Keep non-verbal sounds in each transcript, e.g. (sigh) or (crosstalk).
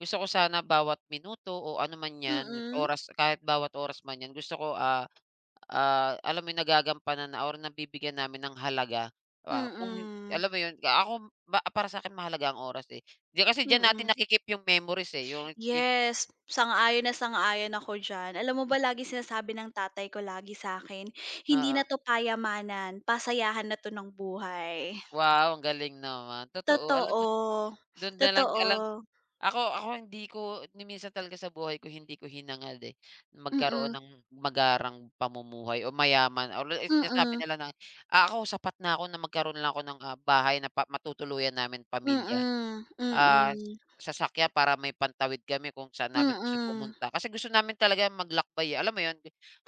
Gusto ko sana bawat minuto o ano man 'yan, Mm. oras kahit bawat oras man 'yan gusto ko, ah, ah, alam mo 'yong nagagampanan na or nabibigyan namin ng halaga pa kung Mm. alam mo 'yon, ka ako para sa akin mahalaga ang oras, eh. Di kasi diyan Mm. natin naki-keep 'yong memories, eh, yung yun Yes, sang-ayon na sang-ayon ako diyan. Alam mo ba laging sinasabi ng tatay ko lagi sa'kin, "Hindi na Oo. 'to payamanan, pasayahan na 'to ng buhay." Wow ang galing naman. Totoo, alam mo Totoo, do'n nalang alam totoo. ako ako hindi ko niminsan talaga sa buhay ko hindi ko hinangad, eh, magkaroon Mm. ng magarang pamumuhay o mayaman or sinasabi Mm. nila na ako sapat na ako na magkaroon lang ako ng, ah, bahay na pa matutuluyan namin pamilya, Mm, ah, mm. sasakyan para may pantawid kami kung saan namin gusto Mm. pumunta. Kasi gusto namin talaga maglakbay, eh, alam mo 'yon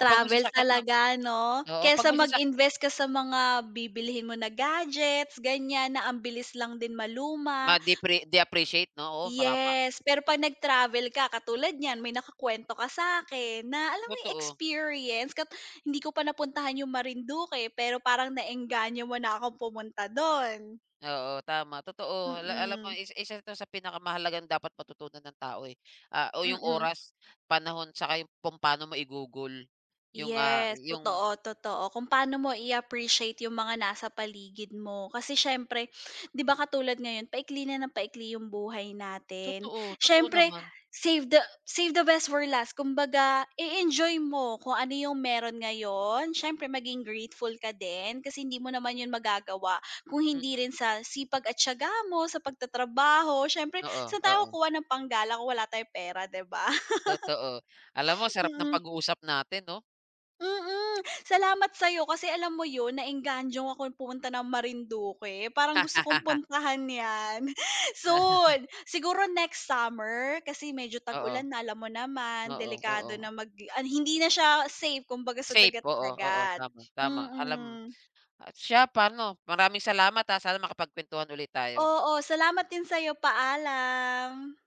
kapag may sasakyan ka, talaga, 'no? oo pag Kaysa may sasak mag-invest ka sa mga bibilhin mo na gadgets gan'yan, na ang bilis lang din maluma. Ma-depre de-appreciate 'no, oo baka nga. Yes pero pag nag travel ka katulad niyan may nakukuwento ka sa'kin, na alam mo yung Totoo. experience kapag hindi ko pa napuntahan yung Marindoque, pero parang na-engganyo mo na akong pumunta do'n. Oo, tama totoo, ala alam mo Mm. isa, isa 'to sa pinakamahalagang dapat matutunan ng tao, eh, ah, o yung Mm. oras, panahon saka yung kung pa'no mo igugol yung, ah, Yes, yung totoo, totoo kung paano mo i-appreciate 'yong mga nasa paligid mo, kasi siyempre 'di ba katulad ngayon paikli na ng paikli 'yong buhay natin, Totoo, totoo siyempre naman. save the save the best for last, kumbaga e-enjoy mo kung ano 'yong meron ngayon. Siyempre maging grateful ka din kasi hindi mo naman 'yon magagawa kung hindi Mm. rin sa sipag at tiyaga mo sa pagtatrabaho, siyempre Oo, saan tayo oo. kukuha ng panggala kung wala tayong pera, 'di ba? Totoo. Alam mo ang (chuckles) sarap ng Mm. pag-uusap natin 'no. Mm. Salamat sa'yo kasi alam mo 'yon na-engganyo akong pumunta ng Marinduque. Parang gusto kong (laughs) puntahan 'yan, (chuckles) soon, siguro next summer kasi medyo Oo. tag-ulan na alam mo naman Oo, delikado oo. na mag hindi na siya safe kumbaga sa Safe, dagat oo, oo, dagat. tama, tama alam Mm. at siya pa'no maraming salamat, ah, sana makapagkwentuhan ulit tayo. Oo, salamat din sa'yo. Paalam.